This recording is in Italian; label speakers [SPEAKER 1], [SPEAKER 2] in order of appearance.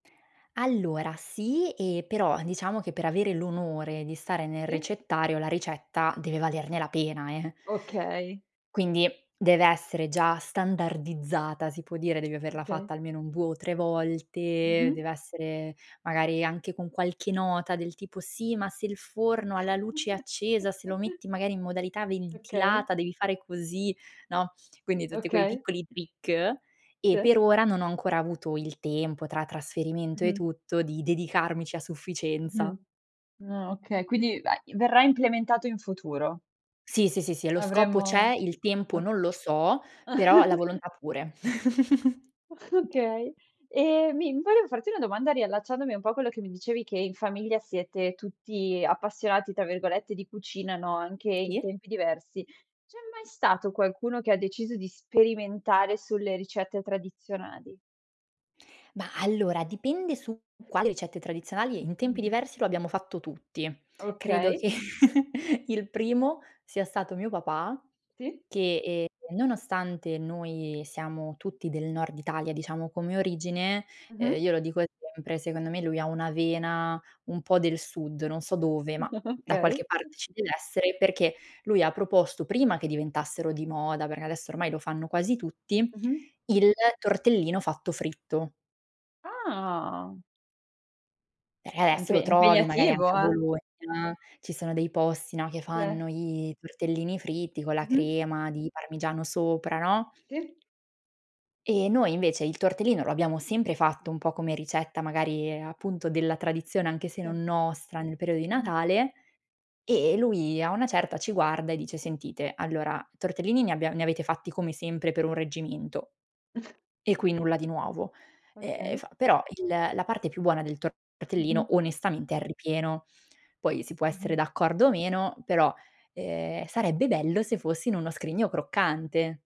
[SPEAKER 1] Allora sì, e però diciamo che per avere l'onore di stare nel
[SPEAKER 2] Sì.
[SPEAKER 1] ricettario la ricetta deve valerne la pena eh.
[SPEAKER 2] Okay.
[SPEAKER 1] Quindi deve essere già standardizzata, si può dire, devi averla
[SPEAKER 2] Okay.
[SPEAKER 1] fatta almeno un 2 o 3 volte, deve
[SPEAKER 2] Mh-mh.
[SPEAKER 1] essere magari anche con qualche nota del tipo: "Sì, ma se il forno ha la luce accesa, se lo metti magari in modalità
[SPEAKER 2] Okay.
[SPEAKER 1] ventilata, devi fare così", no, quindi tutti quei
[SPEAKER 2] Okay.
[SPEAKER 1] piccoli trick, e
[SPEAKER 2] Sì.
[SPEAKER 1] per ora non ho ancora avuto il tempo tra trasferimento e
[SPEAKER 2] Mh-mh.
[SPEAKER 1] tutto di dedicarmici a
[SPEAKER 2] Mh-mh.
[SPEAKER 1] sufficienza.
[SPEAKER 2] Ah okay, quindi va verrà implementato in futuro.
[SPEAKER 1] Sì, sì, sì, sì, e lo scopo c'è,
[SPEAKER 2] Avremo
[SPEAKER 1] il tempo non lo so, però la volontà pure.
[SPEAKER 2] Okay. E mi volevo farti una domanda riallacciandomi un po' a quello che mi dicevi che in famiglia siete tutti "appassionati" tra virgolette di cucina, no, anche in
[SPEAKER 1] Sì.
[SPEAKER 2] tempi diversi. C'è mai stato qualcuno che ha deciso di sperimentare sulle ricette tradizionali?
[SPEAKER 1] Mah, allora dipende su qua le ricette tradizionali in tempi
[SPEAKER 2] Mh.
[SPEAKER 1] diversi lo abbiamo fatto tutti. Credo
[SPEAKER 2] Okay.
[SPEAKER 1] che il primo sia stato mio papà
[SPEAKER 2] Sì.
[SPEAKER 1] che, ehm, nonostante noi siamo tutti del nord Italia diciamo come origine, uhm,
[SPEAKER 2] Mh-mh.
[SPEAKER 1] io lo dico sempre, secondo me lui ha una vena un po' del sud- non so dove, ma da
[SPEAKER 2] Okay.
[SPEAKER 1] qualche parte ci deve essere- perché lui ha proposto prima che diventassero di moda- perché adesso ormai lo fanno quasi tutti-
[SPEAKER 2] Mh-mh.
[SPEAKER 1] il tortellino fatto fritto.
[SPEAKER 2] Ah
[SPEAKER 1] Eh,
[SPEAKER 2] Ah
[SPEAKER 1] esso
[SPEAKER 2] impe
[SPEAKER 1] lo trovi magari
[SPEAKER 2] impegnativo,
[SPEAKER 1] anche a
[SPEAKER 2] eh.
[SPEAKER 1] Bologna, ci sono dei posti, no, che fanno
[SPEAKER 2] Sì.
[SPEAKER 1] i tortellini fritti con la
[SPEAKER 2] Mh-mh.
[SPEAKER 1] crema di parmigiano sopra, no?
[SPEAKER 2] Sì.
[SPEAKER 1] E noi invece il tortellino lo abbiamo sempre fatto un po' come ricetta magari appunto della tradizione anche se
[SPEAKER 2] Sì.
[SPEAKER 1] non nostra nel periodo di Natale, e e lui a una certa ci guarda e dice: "Sentite allora tortellini ne abbia ne avete fatti come sempre per un reggimento." E qui nulla di nuovo. Ehm,
[SPEAKER 2] Okay.
[SPEAKER 1] fa: "Però il la parte più buona del
[SPEAKER 2] Mh-mh.
[SPEAKER 1] tortellino onestamente è il ripieno. Poi si può essere
[SPEAKER 2] Mh-mh.
[SPEAKER 1] d'accordo o meno, però, ehm, sarebbe bello se fosse in uno scrigno croccante."